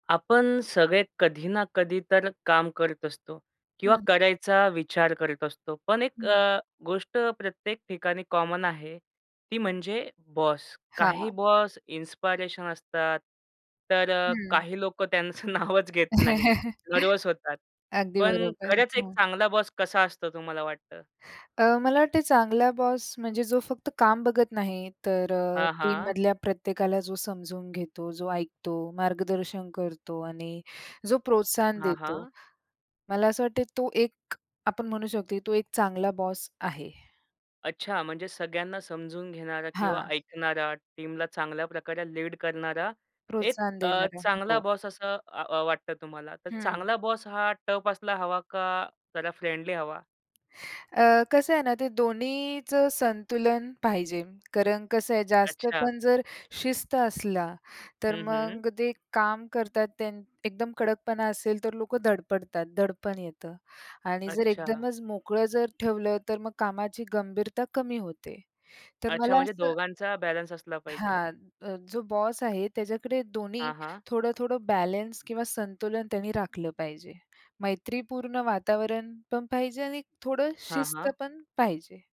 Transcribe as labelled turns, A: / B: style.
A: आपण सगळे कधी ना कधी तर काम करत असतो किंवा
B: हं.
A: करायचा विचार करत असतो, पण 1
B: हं.
A: अ, गोष्ट प्रत्येक ठिकाणी कॉमन आहे, ती म्हणजे बॉस. काही
B: हां.
A: बॉस इन्स्पिरेशन असतात, तर अ,
B: हं.
A: काही लोकं त्यांचं नावच घेत नाही. नर्व्हस होतात.
B: अगदी
A: पण
B: बरोबर.
A: खरंच एक
B: हं.
A: चांगला बॉस कसा असतो तुम्हाला वाटतं?
B: अ, मला वाटतंय चांगला बॉस म्हणजे जो फक्त काम बघत नाही, तर अ,
A: हां, हां.
B: टीममधल्या प्रत्येकाला जो समजून घेतो, जो ऐकतो, मार्गदर्शन करतो आणि जो प्रोत्साहन
A: हां.
B: देतो.
A: हां,
B: मला असं वाटते तो 1, आपण म्हणू शकतो तो 1 चांगला बॉस आहे.
A: अच्छा! म्हणजे सगळ्यांना समजून घेणारा किंवा
B: हां.
A: ऐकणारा, टीमला चांगल्या प्रकारे लीड करणारा, 1
B: प्रोत्साहन
A: अ,
B: देणारा,
A: चांगला
B: हो.
A: बॉस असं आ अ, वाटतं तुम्हाला. तर
B: हं.
A: चांगला बॉस हा टफ असला हवा का जरा फ्रेंडली हवा?
B: अ, कसं आहे ना, ते दोन्हीचं संतुलन पाहिजे, कारण कसं आहे,
A: अच्छा!
B: जास्तपण जर शिस्त असला, तर
A: हं, हम्म.
B: मग ते काम करतात त्यां एकदम कडकपणा असेल तर लोकं धडपडतात, दडपण येतं. आणि जर
A: अच्छा.
B: एकदमच मोकळं जर ठेवलं तर मग कामाची गंभीरता कमी होते. तर
A: अच्छा!
B: मला
A: म्हणजे
B: असं
A: दोघांचा बॅलन्स असला पाहिजे.
B: हां. अ, जो बॉस आहे त्याच्याकडे दोन्ही
A: हां, हां.
B: थोडं-थोडं बॅलन्स किंवा संतुलन त्यांनी राखलं पाहिजे. मैत्रीपूर्ण वातावरण पण पाहिजे आणि एक थोडं
A: हां,
B: शिस्त
A: हां.
B: पण पाहिजे.